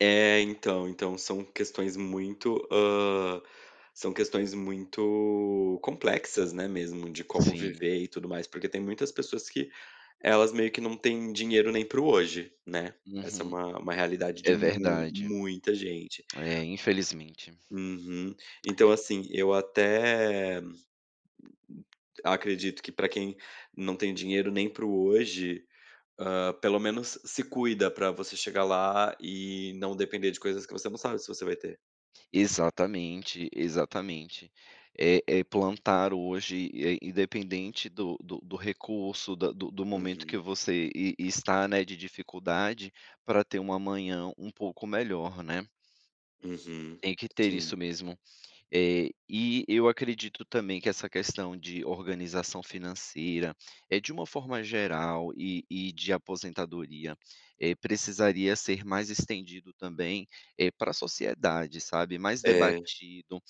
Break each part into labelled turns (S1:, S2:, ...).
S1: É, então. Então são questões muito, hã, são questões muito complexas, né, mesmo de como
S2: Sim.
S1: viver e tudo mais. Porque tem muitas pessoas que elas meio que não tem dinheiro nem para o hoje, né. Essa é
S2: Uhum,
S1: uma uma realidade de
S2: é
S1: mui
S2: verdade.
S1: muita gente.
S2: É, infelizmente.
S1: Uhum, então,
S2: É
S1: assim, eu até acredito que pra quem não tem dinheiro nem para o hoje, hã, pelo menos se cuida pra você chegar lá e não depender de coisas que você não sabe se você vai ter.
S2: Exatamente, exatamente. É é plantar hoje, eh, independente do do do recurso, da do do momento que
S1: Uhum.
S2: você e e está, né, de dificuldade, pra ter um amanhã um pouco melhor, né.
S1: Uhum,
S2: Tem que ter
S1: sim.
S2: isso mesmo. Eh, e eu acredito também que essa questão de organização financeira, eh, de uma forma geral e e de aposentadoria, eh, precisaria ser mais estendido também, eh, pra sociedade, sabe, mais
S1: É.
S2: debatido.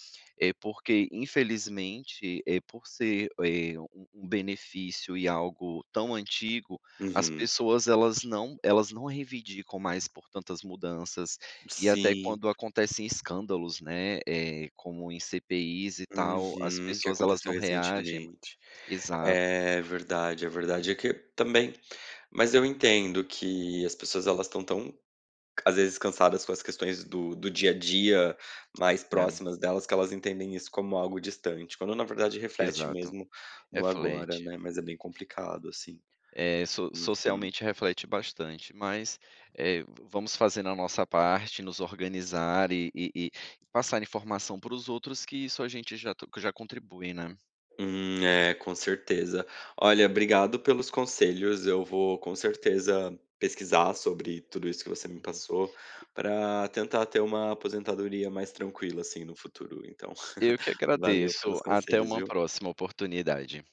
S2: Eh, porque, infelizmente, eh, por ser, eh, um um benefício e algo tão antigo, as
S1: Uhum.
S2: pessoas elas não elas não reivindicam mais por tantas mudanças, e até
S1: Sim.
S2: quando acontecem escândalos, né, eh, como em CPIs e tal, as
S1: Uhum, que
S2: pessoas elas
S1: aconteceu
S2: não reagem ma
S1: recentemente.
S2: exato.
S1: É verdade, é verdade. É que também mas eu entendo que as pessoas elas estão tão, às vezes cansadas com as questões do do dia a dia mais
S2: Né.
S1: próximas delas, que elas entendem isso como algo distante, quando na verdade reflete
S2: Exato,
S1: mesmo no agora,
S2: reflete.
S1: né. Mas é bem complicado, assim.
S2: É, so
S1: Uhum.
S2: socialmente reflete bastante, mas, eh, vamos fazendo a nossa parte, nos organizar e e e passar informação para os outros, que isso a gente já t que já contribui, né.
S1: Hum, é, com certeza. Olha, obrigado pelos conselhos. Eu vou com certeza pesquisar sobre tudo isso que você me
S2: Uhum.
S1: passou, pra tentar ter uma aposentadoria mais tranquila, assim, no futuro então.
S2: Eu que
S1: Valeu
S2: agradeço,
S1: pelos
S2: até
S1: conselhos,
S2: uma
S1: viu.
S2: próxima oportunidade.